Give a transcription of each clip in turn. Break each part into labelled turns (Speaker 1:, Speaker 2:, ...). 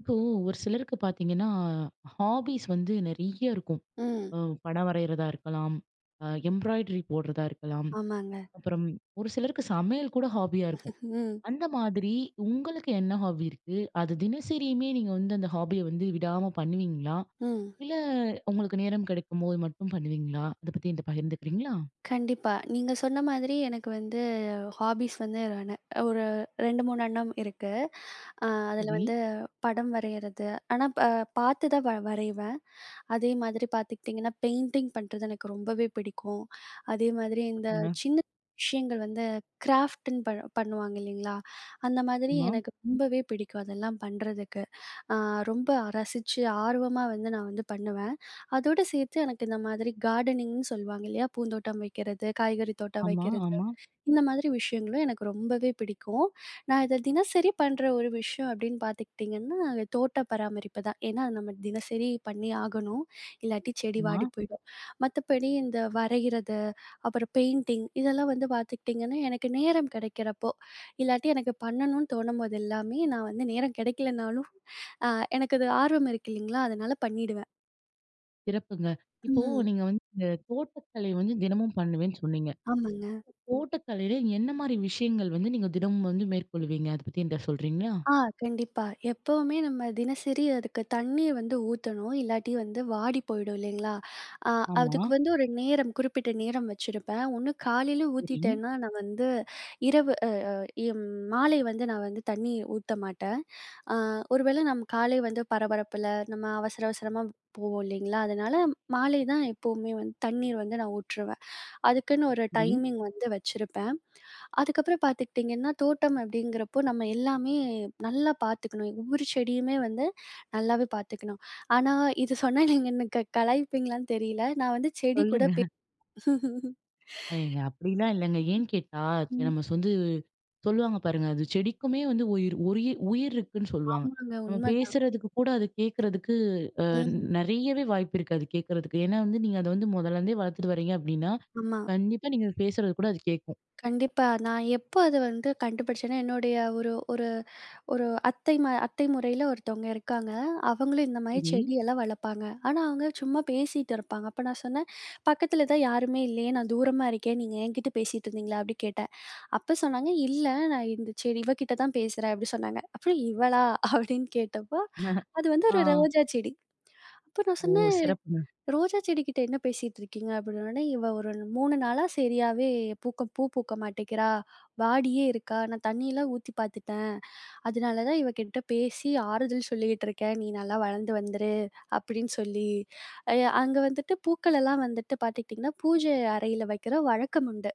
Speaker 1: இப்போ ஒரு சிலருக்கு பார்த்தீங்கன்னா, ஹாபிஸ் வந்து நெறைய இருக்கும்.
Speaker 2: ம்.
Speaker 1: அம் படம் வரையிறதா இருக்கலாம், அ எம்ப்ராய்டரி போடுறதா இருக்கலாம்,
Speaker 2: ஆமாங்க.
Speaker 1: அப்பறம் ஒரு சிலருக்கு சமையல் கூட ஹாபியா இருக்கும்.
Speaker 2: ம்.
Speaker 1: அந்த மாதிரி உங்களுக்கு என்ன ஹாபி இருக்கு? அது தினசரியுமே நீங்க வந்து அந்த ஹாபிய வந்து விடாம பண்ணுவீங்களா?
Speaker 2: ம்.
Speaker 1: இல்ல உங்களுக்கு நேரம் கிடைக்கும்போது மட்டும் பண்ணுவீங்களா? அதை பத்தி என்ட்ட பகிர்ந்துக்கிறீங்களா?
Speaker 2: கண்டிப்பா. நீங்க சொன்ன மாதிரி எனக்கு வந்து ஹாஃபிஸ் வந்து [unintelligible] ஒரு 2, 3 அண்ணம் இருக்கு. அ அதில
Speaker 1: சரி.
Speaker 2: வந்து படம் வரையிறது, ஆனா ப பார்த்து தான் வ வரைவேன். அதே மாதிரி பார்த்துக்கிட்டீங்கன்னா, பெயிண்டிங் பண்றது எனக்கு ரொம்பவே பிடிக்கும். அதே மாதிரி இந்த
Speaker 1: ஆமா.
Speaker 2: சின்ன விஷயங்கள் வந்து கிராஃப்ட்டுன்னு பண் பண்ணுவாங்க இல்லைங்களா? அந்த மாதிரி
Speaker 1: ஆமா.
Speaker 2: எனக்கு ரொம்பவே பிடிக்கும், அதெல்லாம் பண்றதுக்கு. அ ரொம்ப அ ரசிச்சு ஆர்வமா வந்து நான் வந்து பண்ணுவேன். அதோடு சேர்த்து எனக்கு இந்த மாதிரி கார்டனிங்னு சொல்லுவாங்க, இல்லையா? பூந்தோட்டம் வைக்கிறது, காய்கறி தோட்டம்
Speaker 1: ஆமா,
Speaker 2: வைக்கிறது,
Speaker 1: ஆமா.
Speaker 2: இந்த மாதிரி விஷயங்களும் எனக்கு ரொம்பவே பிடிக்கும். நான் இத தினசரி பண்ற ஒரு விஷயம் அப்படின்னு பார்த்துக்கிட்டீங்கன்னா, தோட்ட பராமரிப்பு தான். ஏன்னா அது நம்ம தினசரி பண்ணி ஆகணும். இல்லாட்டி செடி வாடி
Speaker 1: ஆமா.
Speaker 2: போயிடும். மத்தபடி இந்த வரையிறது, அப்பறம் பெயிண்டிங் இதெல்லாம் வந்து பார்த்துக்கிட்டீங்கன்னா, எனக்கு நேரம் கிடைக்கிறப்போ, இல்லாட்டி எனக்கு பண்ணணும்னு தோணும்போது எல்லாமே நான் வந்து நேரம் கிடைக்கலனாலும், அ எனக்கு அது ஆர்வம் இருக்கு இல்லைங்களா? அதனால பண்ணிடுவேன்.
Speaker 1: சிறப்புங்க! இப்போ,
Speaker 2: அ.
Speaker 1: நீங்க வந்து இந்த தோட்டக்கலை வந்து தினமும் பண்ணுவேன்னு சொன்னீங்க.
Speaker 2: ஆமாங்க.
Speaker 1: தோட்டக்கலைல என்ன மாரி விஷயங்கள் வந்து, நீங்க தினமும் வந்து மேற்கொள்வீங்க, அதை பத்தி என்ட்ட சொல்றீங்களா?
Speaker 2: ஆ கண்டிப்பா. எப்பவுமே நம்ம தினசரி அதுக்கு தண்ணீ வந்து ஊத்தணும், இல்லாட்டி வந்து வாடி போயிடும் இல்லைங்களா? அ
Speaker 1: ஆமா.
Speaker 2: அதுக்கு வந்து ஒரு நேரம், குறிப்பிட்ட நேரம் வச்சிருப்பேன். ஒன்னு காலையில
Speaker 1: சரிங்க.
Speaker 2: ஊத்திட்டேன்னா, நான் வந்து இரவு அ அ ம் மாலை வந்து நான் வந்து தண்ணி ஊத்த மாட்டேன். அ ஒருவேள நம் காலை வந்து பரபரப்புல, நம்ம அவசர, அவசரமாப் போவோம் இல்லைங்களா? அதனால, மாலை தான் எப்பவுமே வந்து தண்ணீர் வந்து நான் ஊற்றுவேன். அதுக்குன்னு ஒரு
Speaker 1: சரி.
Speaker 2: டைமிங் வந்து வச்சிருப்பேன். அதுக்கப்புறம் பார்த்துக்கிட்டிங்கன்னா, தோட்டம் அப்படிங்கிறப்போ, நம்ம எல்லாமே நல்லா பார்த்துக்கணும். ஒவ்வொரு செடியுமே வந்து, நல்லாவே பார்த்துக்கணும். ஆனா இது சொன்னா, நீங்க எனக்கு க கலாய்ப்பீங்களான்னு தெரியல. நான் வந்து செடி கூட பே..
Speaker 1: சொல்லுங்க. ஏங்க, அப்படில்லாம் இல்லங்க. ஏன் கேட்டா
Speaker 2: ம்.
Speaker 1: [unintelligible] வந்து, சொல்லுவாங்க பாருங்க. அது செடிக்குமே வந்து உயிர் உரிய உயிர் இருக்குன்னு சொல்லுவாங்க.
Speaker 2: ஆமாங்க!
Speaker 1: நம்ம
Speaker 2: உண்மைதான்.
Speaker 1: பேசுறதுக்கு கூட, அது கேட்கறதுக்கு, அ
Speaker 2: .ம்.
Speaker 1: நெறையவே வாய்ப்பு இருக்கு, அது கேட்கறதுக்கு. ஏன்னா வந்து, நீங்க அத வந்து முதல்லருந்தே வளர்த்துட்டு வரீங்க அப்படின்னா,
Speaker 2: ஆமா.
Speaker 1: கண்டிப்பா நீங்க அது பேசுறது கூட, அது கேட்கும்.
Speaker 2: கண்டிப்பா. நான் எப்போ அத வந்து, கண்டுபிடிச்சேன்னா, என்னுடைய ஒரு ஒரு ஒரு அத்தை ம அத்தை முறையில ஒருத்தவங்க இருக்காங்க. அவங்களும் இந்த மாரி
Speaker 1: சரி.
Speaker 2: செடியெல்லாம் வளர்ப்பாங்க. ஆனா, அவங்க சும்மா பேசீட்டுருப்பாங்க. அப்போ நான் சொன்னேன், "பக்கத்துல தான் யாருமே இல்லையே? நான் தூரமா இருக்கேன். நீங்க என்கிட்ட பேசீட்டிருந்தீங்களா?" அப்படி கேட்டேன். அப்போ சொன்னாங்க, "இல்ல நான் இந்த செடி இவ கிட்ட தான் பேசுறேன்," அப்படி சொன்னாங்க. அப்புறம் "இவளா?" அப்படின்னு கேட்டப்போ, அது வந்து ஒரு
Speaker 1: ஆ.
Speaker 2: ரோஜா செடி. அப்போ நான்
Speaker 1: ஓ!
Speaker 2: சொன்னேன்,
Speaker 1: சிறப்புங்க.
Speaker 2: "ரோஜா செடி கிட்ட என்ன பேசீட்ருக்கீங்க?" அப்படின்னோடனே, "இவ ஒரு 3 நாளா சரியாவே பூக்க பூ பூக்க மாட்டேக்கிறா. வாடியே இருக்கா. நான் தண்ணியெல்லாம் ஊத்தி பார்த்துட்டேன்.அதனால தான் இவ கிட்ட பேசி ஆறுதல் சொல்லிகிட்டுருக்கேன். நீ நல்லா வளர்ந்து வந்துரு", அப்படின்னு சொல்லி. அய, அங்க வந்துட்டு பூக்கள் எல்லாம் வந்துட்டு பார்த்துக்கிட்டிங்கன்னா, பூஜை அறையில வைக்கிற வழக்கம் உண்டு.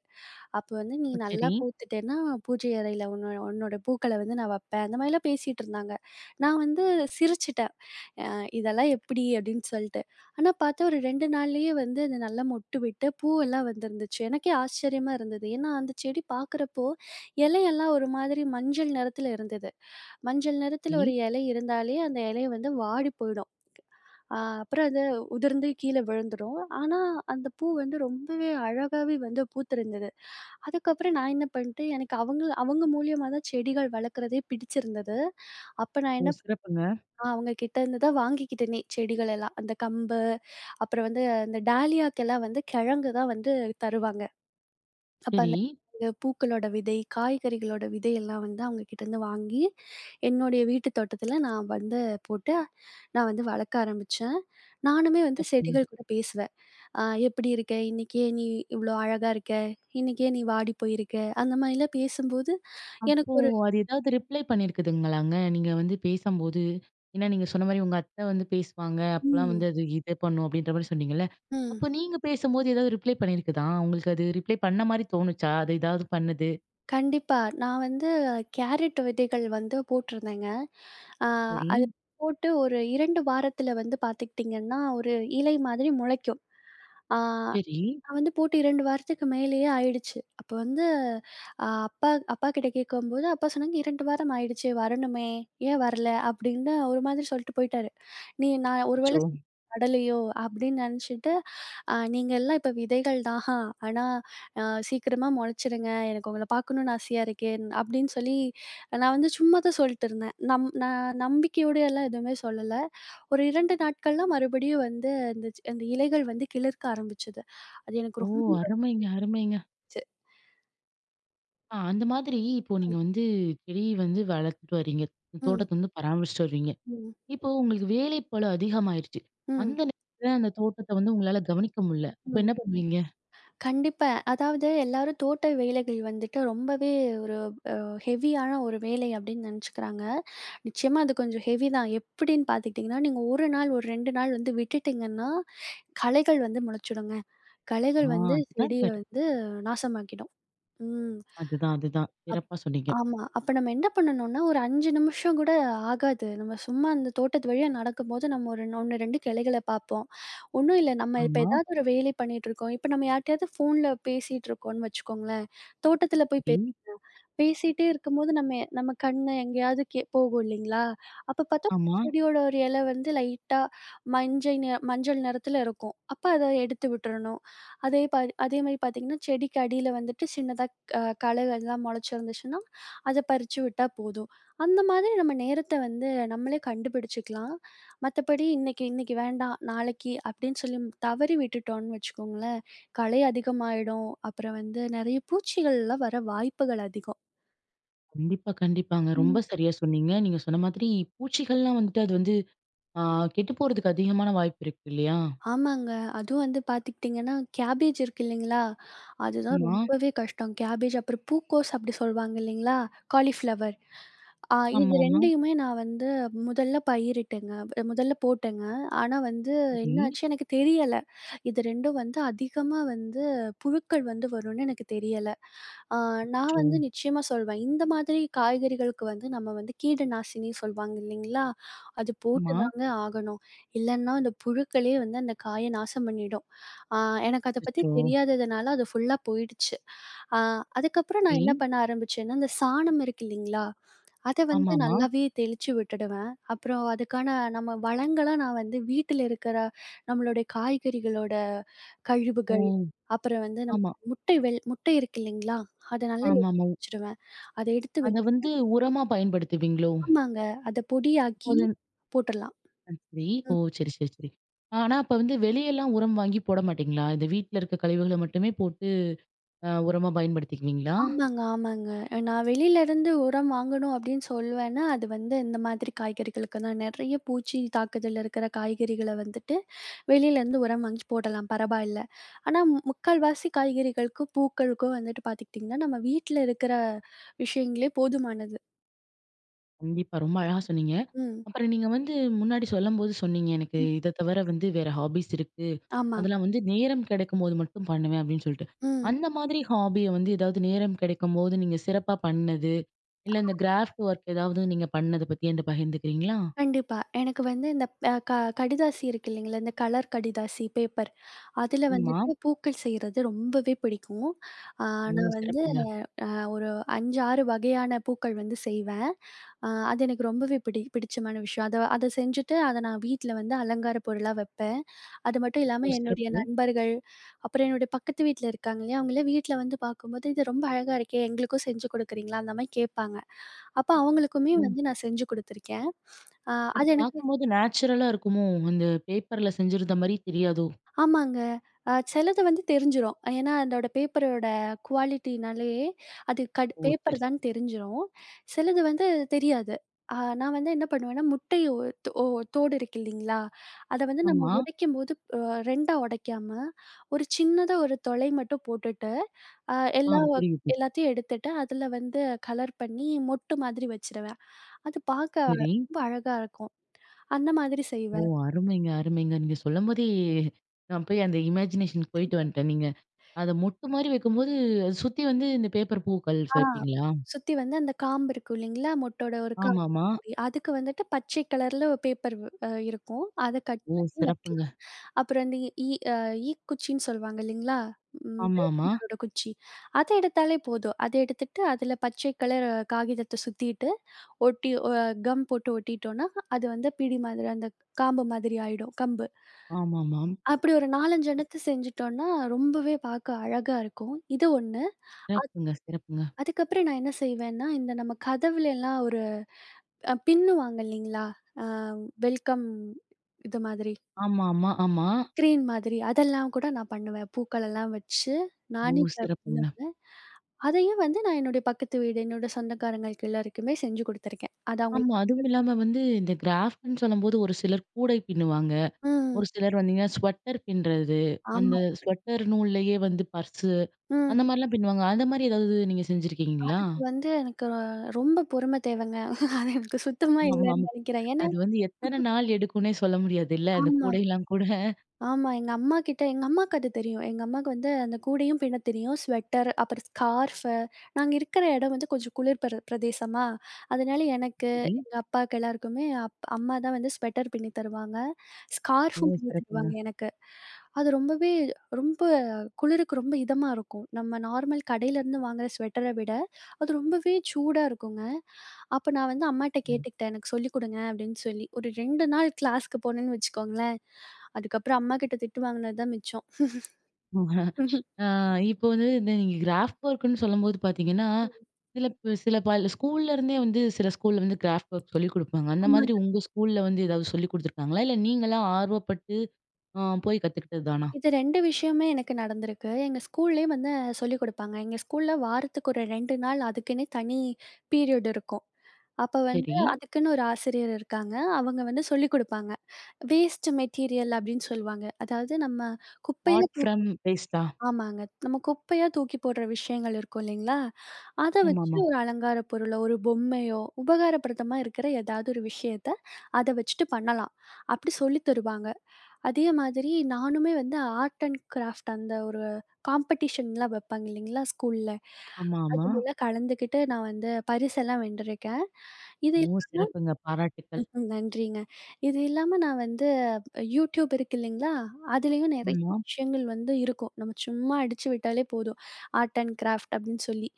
Speaker 2: அப்போ வந்து, "நீ
Speaker 1: ஓ!
Speaker 2: நல்லா
Speaker 1: ச்சரி.
Speaker 2: பூத்துட்டேன்னா, பூஜை அறையில உன்னோ உன்னோட பூக்கள வந்து நான் வப்பேன்". அந்த மாரிலாம் பேசிட்டிருந்தாங்க. நான் வந்து, சிரிச்சுட்டேன். "அ இதெல்லாம் எப்படி?" அப்படின்னு சொல்லிட்டு. ஆனா பார்த்தா, ஒரு 2 நாள்லயே வந்து அது நல்லா மொட்டு விட்டு, பூவெல்லாம் வந்திருந்துச்சு. எனக்கே ஆச்சரியமா இருந்தது! ஏன்னா அந்த செடி பார்க்குறப்போ, இலையெல்லாம் ஒரு மாதிரி மஞ்சள் நிறத்துல இருந்தது. மஞ்சள் நிறத்துல ஒரு
Speaker 1: ரி.
Speaker 2: இலை இருந்தாலே, அந்த இலை வந்து வாடி போயிடும். அ அப்புறம் அது, உதிர்ந்து கீழ விழுந்துரும். ஆனா, அந்த பூ வந்து ரொம்பவே அழகாவே வந்து பூத்திருந்தது. அதுக்கப்புறம் நான் என்ன பண்ணிட்டேன், எனக்கு அவங்கள அவங்க மூலியமா தான் செடிகள் வளர்க்குறதே பிடிச்சிருந்தது. அப்போ நான்
Speaker 1: ஓ!
Speaker 2: என்னப்
Speaker 1: சிறப்புங்க.
Speaker 2: அ அவங்க கிட்டேருந்துதான் வாங்கிக்கிட்டேனே, செடிகளெல்லாம். அந்த கம்பு, அப்புறம் வந்து அந்த டாலியாக்கெல்லாம் வந்து கிழங்கு தான் வந்து, தருவாங்க. அப்ப
Speaker 1: சரி.
Speaker 2: அந்த [unintelligible] பூக்களோட விதை, காய்கறிகளோட விதையெல்லாம் வந்து அவங்க கிட்டருந்து வாங்கி, என்னுடைய வீட்டுத் தோட்டத்துல நான் வந்து போட்டு, நான் வந்து வளர்க்க ஆரம்பிச்சேன். நானுமே வந்து
Speaker 1: [unintelligible]
Speaker 2: செடிகள் கூட பேசுவேன். "அ எப்படி இருக்க? இன்னைக்கு ஏன் நீ இவ்ளோ அழகா இருக்க? இன்னைக்கு ஏன் நீ வாடி போயிருக்க?" அந்த மாதிரிலாம், பேசும்போது எனக்கு
Speaker 1: அப்போ,
Speaker 2: ஒரு
Speaker 1: அது ஏதாவது ரிப்ளை பண்ணியிருக்குதுங்களாங்க, நீங்க வந்து பேசம்போது? ஏன்னா நீங்க சொன்ன மாரி, உங்க அத்த வந்து பேசுவாங்க. அப்போல்லாம்
Speaker 2: ம்.
Speaker 1: வந்து, அது இத பண்ணும் அப்படின்ற மாரி சொன்னீங்கல்ல?
Speaker 2: ம்.
Speaker 1: அப்போ நீங்க பேசும்போது ஏதாவது ரிப்ளை பண்ணியிருக்குதா? உங்களுக்கு அது ரிப்ளை பண்ண மாரி தோணுச்சா? அது எதாவது பண்ணுது.
Speaker 2: கண்டிப்பா. நான் வந்து கேரட் விதைகள் வந்து போட்டிருந்தேங்க. அ அது
Speaker 1: சரி.
Speaker 2: போட்டு, ஒரு 2 வாரத்துல வந்து பார்த்துக்கிட்டிங்கன்னா, ஒரு இலை மாதிரி முளைக்கும். அ,
Speaker 1: சரி.
Speaker 2: நான் வந்து போட்டு 2 வாரத்துக்கு மேலயே ஆயிடுச்சு. அப்ப வந்து "அ அப்பா அப்பா கிட்ட கேட்கும்போது, அப்பா சொன்னாங்க 2 வாரம் ஆயிடுச்சே! வரணுமே! ஏன் வரல?" அப்படின்னு ஒரு மாதிரி சொல்லிட்டு போய்ட்டாரு. "நீ நான் ஒரு
Speaker 1: அச்சோ!
Speaker 2: வேளை [unintelligible] நடலையோ?" அப்படின்னு நினைச்சிட்டு, அ "நீங்கள்லாம் இப்போ விதைகள் தான் ஹா. ஆனா, அ சீக்கிரமா முளைச்சிடுங்க. எனக்கு உங்கள பார்க்கணும்னு ஆசையா இருக்கேன்", அப்படின்னு சொல்லி, நான் வந்து சும்மா தான் சொல்ட்டுருந்தேன். நம் நான் நம்பிக்கையோடயெல்லாம் எதுவுமே சொல்லல. ஒரு 2 நாட்கள்லாம் மறுபடியும் வந்து, அந்த சி அந்த இலைகள் வந்து, "கிளுர்க்க" ஆரம்பிச்சது. அது
Speaker 1: ஓ!
Speaker 2: எனக்கு ரொம்ப
Speaker 1: அருமைங்க! அருமைங்க!
Speaker 2: ச்சு.
Speaker 1: ஆ அந்த மாதிரி இப்போ நீங்க வந்து செடி வந்து வளத்துட்டு வரீங்க.
Speaker 2: ம்.
Speaker 1: தோட்டத்த வந்து பராமரிச்சிட்டு வருரீங்க.
Speaker 2: ம்.
Speaker 1: இப்போ உங்களுக்கு வேலை பழு அதிகமாயிருச்சு.
Speaker 2: ம்.
Speaker 1: அந்த நேரத்தில அந்த தோட்டத்த வந்து உங்களால கவனிக்க முடியல. அப்ப
Speaker 2: ம்.
Speaker 1: என்ன பண்ணுவீங்க?
Speaker 2: கண்டிப்பா. அதாவது எல்லாரும் தோட்ட வேலைகள் வந்துட்டு ரொம்பவே ஒரு அ ஹெவியான ஒரு வேலை அப்பிடின்னு நினைச்சுக்கிறாங்க. நிச்சயமா அது கொஞ்சம் ஹெவி தான். எப்பிடின்னு பார்த்துக்கிட்டிங்கன்னா? நீங்க 1 நாள், ஒரு 2 நாள் வந்து விட்டுட்டிங்கன்னா, களைகள் வந்து முளைச்சிடுங்க.
Speaker 1: ஓ!
Speaker 2: களைகள் வந்து
Speaker 1: அதுதான்
Speaker 2: செடிய
Speaker 1: சரி.
Speaker 2: வந்து நாசமாக்கிடும். ம்.
Speaker 1: அதுதான், அதுதான்.
Speaker 2: அப்
Speaker 1: சிறப்பா சொன்னீங்க.
Speaker 2: ஆமா. அப்ப நம்ம என்ன பண்ணணும்னா? ஒரு 5 நிமிஷம் கூட ஆகாது, நம்ம சும்மா அந்த தோட்டத்து வழியா நடக்கும்போது, நம்ம ஒரு 1, 2 கிளைகள பார்ப்போம். ஒன்னும் இல்ல, நம்ம இப்ப
Speaker 1: ஆமா.
Speaker 2: எதாவது ஒரு வேலை பண்ணிட்டு இருக்கோம், இப்ப நம்ம யார்ட்டயாவது ஃபோன்ல பேசிட்டுருக்கோன்னு வச்சுக்கோங்களேன், தோட்டத்தில போய் பேசுவோம்.
Speaker 1: சரி.
Speaker 2: பேசிட்டே இருக்கும்போது, நம்மெ நம்ம கண்ணு எங்கேயாவது கே போகும் இல்லேங்களா! அப்ப பார்த்தா
Speaker 1: ஆமா.
Speaker 2: செடியோட ஒரு இல வந்து லைட்டா மஞ்சை நி மஞ்சள் நெறத்தில இருக்கும். அப்ப அத எடுத்து விட்றணும். அதே பாதி அதேமாதிரி பார்த்தீங்கன்னா, செடிக்கு அடியில வந்துட்டு சின்னதா க களைகள்லாம் முளச்சிருந்துச்சுன்னா, அத பறிச்சு விட்டா போதும். அந்த மாதிரி நம்ம நேரத்த வந்து நம்மளே கண்டுபிடிச்சுக்கலாம். மத்தபடி இன்னைக்கி இன்னைக்கி வேண்டாம். நாளைக்கி அப்பிடின்னு மு சொல்லி தவறி விட்டுட்டோன்னு வச்சுக்கோங்களேன், களை அதிகமாயிடும். அப்புறம் வந்து நிறைய பூச்சிகள்லாம் வர வாய்ப்புகள் அதிகம்.
Speaker 1: கண்டிப்பா, கண்டிப்பாங்க. ரொம்ப
Speaker 2: ம்.
Speaker 1: சரியா சொன்னீங்க. நீங்க சொன்ன மாதிரி பூச்சிகள்லாம் வந்துட்டு, அது வந்து அ கெட்டு போறதுக்கு அதிகமான வாய்ப்பு இருக்கு இல்லியா?
Speaker 2: ஆமாங்க. அதுவும் வந்து பார்த்துக்கிட்டீங்கன்னா, கேபேஜ் இருக்கு இல்லிங்களா? அதுதான்
Speaker 1: ஆமா.
Speaker 2: ரொம்பவே கஷ்டம். கேபேஜ் அப்புறம் பூக்கோஸ் அப்பிடி சொல்வாங்க இல்லேங்களா? காலிஃப்ளவர் அ இது
Speaker 1: ஆமாமா.
Speaker 2: 2யுமே நான் வந்து முதல்ல பயிரிட்டேங்க, அ முதல்ல போட்டேங்க. ஆனா, வந்து
Speaker 1: சரி.
Speaker 2: என்னாச்சு எனக்கு தெரியல. இது 2ம் வந்து அதிகமா வந்து, புழுக்கள் வந்து வருன்னு எனக்கு தெரியல. அ நான்
Speaker 1: அச்சோ!
Speaker 2: வந்து நிச்சயமா சொல்வேன். இந்த மாதிரி காய்கறிகளுக்கு வந்து நம்ம வந்து கீடு நாசினி சொல்வாங்க இல்லேங்களா! அது
Speaker 1: ஆமா.
Speaker 2: போட்டுதாங்க ஆகணும். இல்லன்னா, அந்த புழுக்களே வந்து அந்த காயை நாசம் பண்ணிடும். அ எனக்கு அத பத்தி
Speaker 1: அச்சோ!
Speaker 2: தெரியாததுனால அது ஃபுல்லா போயிடுச்சு. அ அதுக்கப்பறம் நான் என்ன
Speaker 1: சரி.
Speaker 2: பண்ண ஆரம்பிச்சேன்னா, இந்த சாணம் இருக்கு இல்லிங்களா? அத வந்து
Speaker 1: ஆமாமா.
Speaker 2: நல்லாவே தெளிச்சு விட்டுடுவேன். அப்புறம் அதுக்கான நம்ம வளங்கள நான் வந்து வீட்டுல இருக்கிற, நம்மளுடைய காய்கறிகளோட
Speaker 1: ஓ!
Speaker 2: கழிவுகள், அப்புறம் வந்து, நம்
Speaker 1: ஆமா.
Speaker 2: முட்டை வெள் முட்டை இருக்கு இல்லிங்களா! அத நல்லா [unintelligible]
Speaker 1: ஆமாமா, உ
Speaker 2: வச்சுடுவேன். அதை எடுத்து
Speaker 1: அத வந்து
Speaker 2: வச்சு
Speaker 1: உரமா பயன்படுத்துவீங்களோ!
Speaker 2: ஆமாங்க, அத பொடியாக்கி
Speaker 1: போதுன்
Speaker 2: போட்றலாம்.
Speaker 1: அ சரி. ஓ
Speaker 2: ம்.
Speaker 1: !சரி, சரி, சரி. ஆனா அப்ப வந்து வெளியலாம் உரம் வாங்கி போட மாட்டீங்களா? இந்த வீட்ல இருக்கிற கழிவுகள மட்டுமே போட்டு அ உரமாக பயன்படுத்திக்குவீங்களா?
Speaker 2: ஆமாங்க, ஆமாங்க. அ நான் வெளில இருந்து உரம் வாங்கணும் அப்பிடின்னு சொல்வேன்னா, அது வந்து இந்த மாதிரி காய்கறிகளுக்குதான். நிறைய பூச்சியின் தாக்குதல்ல இருக்கிற காய்கறிகள வந்துட்டு, வெளியிலேருந்து உரம் வாங்கி போடலாம், பரவாயில்ல. ஆனா மு முக்கால்வாசி காய்கறிகளுக்கும், பூக்களுக்கும் வந்துட்டு பார்த்துக்கிட்டீங்கன்னா, நம்ம வீட்ல இருக்கிற விஷயங்களே போதுமானது.
Speaker 1: கண்டிப்பா. ரொம்ப அழகா சொன்னீங்க.
Speaker 2: ம்.
Speaker 1: அப்புறம் நீங்க வந்து முன்னாடி சொல்லும்போது சொன்னீங்க, எனக்கு
Speaker 2: ம்.
Speaker 1: இதை தவிர வந்து வேற ஹாஃபிஸ் இருக்கு.
Speaker 2: ஆமா.
Speaker 1: அதெல்லாம் வந்து நேரம் கிடைக்கும்போது மட்டும் பண்ணுவேன், அப்பிடின்னு சொல்ட்டு.
Speaker 2: ம்.
Speaker 1: அந்த மாதிரி ஹாஃபிய வந்து எதாவது நேரம் கிடைக்கும்போது நீங்க சிறப்பா பண்ணது, இல்ல இந்த கிராஃப்ட் ஒர்க் எதாவது நீங்க பண்ணது பத்தி என்ட்ட பகிர்ந்துக்கிறீங்களா?
Speaker 2: கண்டிப்பா. எனக்கு வந்து இந்த ப் அ க கடிதாசி இருக்கு இல்லேங்களா? இந்த கலர் கடிதாசி பேப்பர். அதுல
Speaker 1: ஆமா.
Speaker 2: வந்துட்டு பூக்கள் செய்றது ரொம்பவே பிடிக்கும். அ
Speaker 1: ம்.
Speaker 2: நான் வந்து
Speaker 1: சிறப்புங்க.
Speaker 2: அ ஒரு 5, 6 வகையான பூக்கள் வந்து செய்வேன். அ அது எனக்கு ரொம்பவே பிடி பிடிச்சமான விஷயம். அத அத செஞ்சுட்டு அத நான் வீட்ல வந்து அலங்கார பொருளா வப்பேன். அது மட்டும்
Speaker 1: ஓ!
Speaker 2: இல்லாம என்னுடைய
Speaker 1: சிறப்பு.
Speaker 2: நண்பர்கள், அப்புறம் என்னுடைய பக்கத்து வீட்ல இருக்காங்க இல்லயா? அவுங்கலாம் வீட்ல வந்து பார்க்கும்போது, "இது ரொம்ப அழகா இருக்கே! எங்களுக்கும் செஞ்சு கொடுக்குறீங்களா?" அந்தமாரி கேட்பாங்க. அப்ப அவுங்களுக்குமே
Speaker 1: ம்.
Speaker 2: வந்து நான் செஞ்சு கொடுத்துருக்கேன். அ
Speaker 1: அது
Speaker 2: அது எனக்கு,
Speaker 1: பார்க்கும்போது நேச்சுரலா இருக்குமோ! அந்த பேப்பர்ல செஞ்சிருந்தமாரி தெரியாதோ!
Speaker 2: ஆமாங்க. அ சிலது வந்து தெரிஞ்சிரும். ஏன்னா, அதோட பேப்பரோட குவாலிட்டினாலே, அது கடு
Speaker 1: ஓ! சருஸ்
Speaker 2: பேப்பர்தான்னு தெரிஞ்சிரும். சிலது வந்து தெரியாது. அ நான் வந்து என்ன பண்ணுவேன்னா, முட்டை ஓ தோ ஓடு இருக்கு இல்லீங்களா? அத வந்து நம்ம
Speaker 1: ஆமா.
Speaker 2: உடைக்கும்போது, அ 2 உடைக்காம, ஒரு சின்னதா ஒரு துளை மட்டும் போட்டுட்டு, அ
Speaker 1: ஆ.
Speaker 2: எல்லாவ்
Speaker 1: புரியுது.
Speaker 2: எல்லாத்தையும் எடுத்துட்டு, அதுல வந்து கலர் பண்ணி மொட்டு மாதிரி வச்சுருவேன். அது பார்க்க அழ
Speaker 1: சரி.
Speaker 2: ரொம்ப அழகா இருக்கும். அந்த மாதிரி
Speaker 1: ஓ!
Speaker 2: செய்வேன்.
Speaker 1: அருமைங்க அருமைங்க. நீங்க சொல்லம்போதே, நான் போய் அந்த இமேஜினேஷனுக்கு போயிட்டு வந்துட்டேணுங்க. நீங்க அத மொட்டுமாரி வைக்கும்போது, அது சுத்தி வந்து இந்த பேப்பர் பூக்கள்ஸ்
Speaker 2: ஆ
Speaker 1: வைப்பீங்களா?
Speaker 2: சுத்தி வந்து அந்த காம்பு இருக்கும் இல்லேங்களா? மொட்டோட ஒரு காம்பு
Speaker 1: ஆமாமா.
Speaker 2: [unintelligible] அதுக்கு வந்துட்டு, பச்சை கலர்ல ஒரு பேப்பர் வ் அ இருக்கும். அத கட்
Speaker 1: ஓ!
Speaker 2: பண்ணி வைக்கலாம்.
Speaker 1: சிறப்புங்க.
Speaker 2: அப்பறம் இந்த ஈ ஈ அ ஈக்குச்சின்னு சொல்லுவாங்க இல்லேங்களா?
Speaker 1: ஆமாமா.
Speaker 2: விளக்கமாரோட குச்சி. அத எடுத்தாலே போதும். அத எடுத்துட்டு அதில பச்சை கலர் காகிதத்த சுத்திட்டு, ஒட்டி ஒ கம் போட்டு ஒட்டிட்டோன்னா, அது வந்து பிடி மாதிரி அந்த காம்பு மாதிரி ஆயிடும், கம்பு.
Speaker 1: ஆமாமா.
Speaker 2: அப்பிடி ஒரு 4,5 எண்ணத்த செஞ்சுட்டோன்னா, ரொம்பவே பாக்க அழகா இருக்கும், இது ஒண்ணு. அ
Speaker 1: சிறப்புங்க சிறப்புங்க.
Speaker 2: அதுக்கப்புறம் நான் என்ன செய்வேன்னா, இந்த நம்ம கதவுலேல்லாம் ஒரு அ பின்னுவாங்க இல்லேங்களா? அ வெல்கம், இது மாதிரி.
Speaker 1: ஆமா, ஆமா, ஆமா.
Speaker 2: ஸ்கிரீன் மாதிரி. அதெல்லாம் கூட நான் பண்ணுவேன். பூக்களெல்லாம் வச்சு,
Speaker 1: ஓ!
Speaker 2: நானே
Speaker 1: சிறப்புங்க.
Speaker 2: [unintelligible] அதையும் வந்து நான் என்னோட பக்கத்து வீடு, என்னோட சொந்தக்காரங்களுக்கு எல்லாருக்குமே செஞ்சு குடுத்துருக்கேன். அது
Speaker 1: ஆமா.
Speaker 2: அவுங்களுக்கு
Speaker 1: அதுவும் இல்லாம
Speaker 2: [unintelligible]
Speaker 1: வந்து இந்த கிராஃப்ட்ன்னு சொல்லும்போது, ஒரு சிலர் கூடை பின்னுவாங்க.
Speaker 2: ம்.
Speaker 1: ஒரு சிலர் பாத்தீங்கன்னா ஸ்வெட்டர் பின்றது, அந்த
Speaker 2: ஆமா.
Speaker 1: ஸ்வெட்டர் நூல்லயே வந்து பர்சு, அந்த
Speaker 2: ம்.
Speaker 1: மாதிரிலாம் பின்னுவாங்க. அந்த மாதிரி எதாவது நீங்க செஞ்சுருக்கீங்களா?
Speaker 2: அதுக்கு வந்து எனக்கு அ ரொம்ப பொறுமை தேவங்க. அது எனக்கு சுத்தமா
Speaker 1: ஆமா,
Speaker 2: இல்லேன்னு
Speaker 1: ஆமா.
Speaker 2: நினைக்கிறேன். ஏன்னா
Speaker 1: அது வந்து எத்தனை நாள் எடுக்குன்னே சொல்ல முடியாதுல்ல. அந்த
Speaker 2: ஆமா.
Speaker 1: கூடையிலாம் கூட.
Speaker 2: ஆமா. எங்க அம்மாகிட்ட எங்க அம்மாக்கு அது தெரியும். எங்க அம்மாவுக்கு வந்து, அந்த கூடையும் பின்ன தெரியும். ஸ்வெட்டர், அப்பறம் ஸ்கார்ஃபு, நாங்க இருக்கிற இடம் வந்து கொஞ்சம் குளிர் பெர பிரதேசமா! அதனால எனக்கு,
Speaker 1: சரி.
Speaker 2: எங்க அப்பாக்கு எல்லாருக்குமே அப் அம்மாதான் வந்து ஸ்வெட்டர் பின்னி தருவாங்க. ஸ்கார்ஃபும்
Speaker 1: ஓ!
Speaker 2: பின்னி
Speaker 1: சிறப்புங்க.
Speaker 2: தருவாங்க எனக்கு. அது ரொம்பவே ரொம்ப குளிருக்கு ரொம்ப இதமா இருக்கும். நம்ம நார்மல் கடையிலருந்து வாங்குற ஸ்வெட்டர விட, அது ரொம்பவே சூடா இருக்குங்க. அப்ப நான் வந்து அம்மாகிட்ட
Speaker 1: ம்.
Speaker 2: கேட்டுக்கிட்டேன், "எனக்கு சொல்லி கொடுங்க" அப்பிடின்னு சொல்லி. ஒரு 2 நாள் கிளாஸ்க்கு போனேன்னு வச்சுக்கோங்களேன், அதுக்கு அப்பறம் அம்மாக்கிட்ட திட்டு வாங்கினதான் மிச்சம்.
Speaker 1: ஆ இப்போ வந்து இந்த நீங்க கிராஃப்ட் ஒர்க்குன்னு சொல்லும்போது பார்த்தீங்கன்னா,
Speaker 2: ம்.
Speaker 1: சில ப் சில பல ஸ்கூல்லேருந்தே வந்து சில ஸ்கூல்ல வந்து கிராஃப்ட் ஒர்க் சொல்லிக் குடுப்பாங்க. அந்த மாதிரி
Speaker 2: ஆமாங்க.
Speaker 1: உங்க ஸ்கூல்ல வந்து எதாவது சொல்லி குடுத்துருக்காங்களா? இல்ல நீங்களா ஆர்வப்பட்டு ஆ போய் கத்துக்கிட்டது தானா?
Speaker 2: இது 2 விஷயமுமே எனக்கு நடந்திருக்கு. எங்க ஸ்கூல்லேயும் வந்து அ சொல்லிக் குடுப்பாங்க. எங்க ஸ்கூல்ல வாரத்துக்கு ஒரு 2 நாள் அதுக்குன்னே தனி பீரியட் இருக்கும். அப்ப வந்து
Speaker 1: சரி.
Speaker 2: அதுக்குன்னு ஒரு ஆசிரியர் இருக்காங்க. அவங்க வந்து சொல்லிக் குடுப்பாங்க. வேஸ்ட்டு மெட்டீரியல் அப்பிடின்னு சொல்வாங்க. அதாவது, நம்ம குப்பையில
Speaker 1: ஆர்ட் ஃப்ரம் வேஸ்ட்டா?
Speaker 2: தூக் ஆமாங்க. நம்ம குப்பையா தூக்கிப் போட்ற விஷயங்கள் இருக்கும் இல்லீங்களா? அத வச்சு
Speaker 1: ஆமாமா.
Speaker 2: ஒரு அலங்கார பொருளோ, ஒரு பொம்மையோ, உபயோக படுத்திற மாரி இருக்கிற ஏதாவது ஒரு விஷயத்த, அத வச்சுட்டு பண்ணலாம். அப்பிடி சொல்லி தருவாங்க. அதே மாதிரி நானுமே வந்து ஆர்ட் அண்ட் கிராஃப்ட், அந்த ஒரு காம்படீஷன்லாம் வைப்பாங்க இல்லீங்களா? ஸ்கூல்ல.
Speaker 1: ஆமா, ஆமா.
Speaker 2: அதுலலாம் கலந்துக்கிட்டு, நான் வந்து பரிசெல்லாம் வென்றிருக்கேன். இது
Speaker 1: ஓ!
Speaker 2: இல்லாம
Speaker 1: சிறப்புங்க. பாராட்டுக்கள்.
Speaker 2: ம். ம். நன்றிங்க. இது இல்லாம நான் வந்து யூடியூப் இருக்கு இல்லீங்களா? அதிலேயும் நிறைய
Speaker 1: ஆமா.
Speaker 2: விஷயங்கள் வந்து இருக்கும். நம்ம சும்மா அடிச்சு விட்டாலே போதும். ஆர்ட் அண்ட் கிராஃப்ட் அப்பிடின்னு சொல்லி.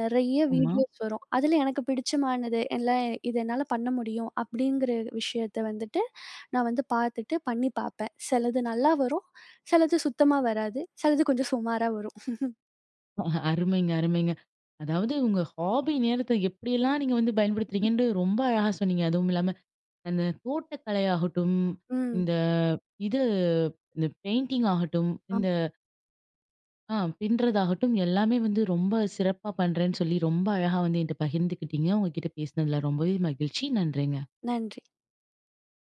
Speaker 2: நிறைய
Speaker 1: ஆமா.
Speaker 2: வீடியோஸ் வரும். அதில எனக்கு பிடிச்சமானது எல்லாம், இது என்னால பண்ண முடியும் அப்பிடிங்கிற விஷயத்த வந்துட்டு, நான் வந்து பார்த்துட்டு பண்ணி பாப்பேன். சிலது நல்லா வரும், சிலது சுத்தமா வராது, சிலது கொஞ்சம் சுமாரா வரும்.
Speaker 1: ஓ! அருமைங்க, அருமைங்க. அதாவது உங்க ஹாஃபி நேரத்த எப்படியெல்லாம் நீங்க வந்து பயன்படுத்துறீங்கன்று ரொம்ப அழகா சொன்னீங்க. அதுவும் இல்லாம, அந்த தோட்டக்கலை ஆகட்டும்,
Speaker 2: ம்.
Speaker 1: இந்த இது இந்த பெயிண்டிங் ஆகட்டும்
Speaker 2: ஆமா.
Speaker 1: இந்த ஆ பின்னறதாகட்டும், எல்லாமே வந்து ரொம்ப சிறப்பா பண்ணுறேன்னு சொல்லி, ரொம்ப அழகா வந்து என்ட்ட பகிர்ந்துக்கிட்டீங்க. உங்கக்கிட்ட பேசினதில ரொம்பவே மகிழ்ச்சி. நன்றிங்க.
Speaker 2: நன்றி.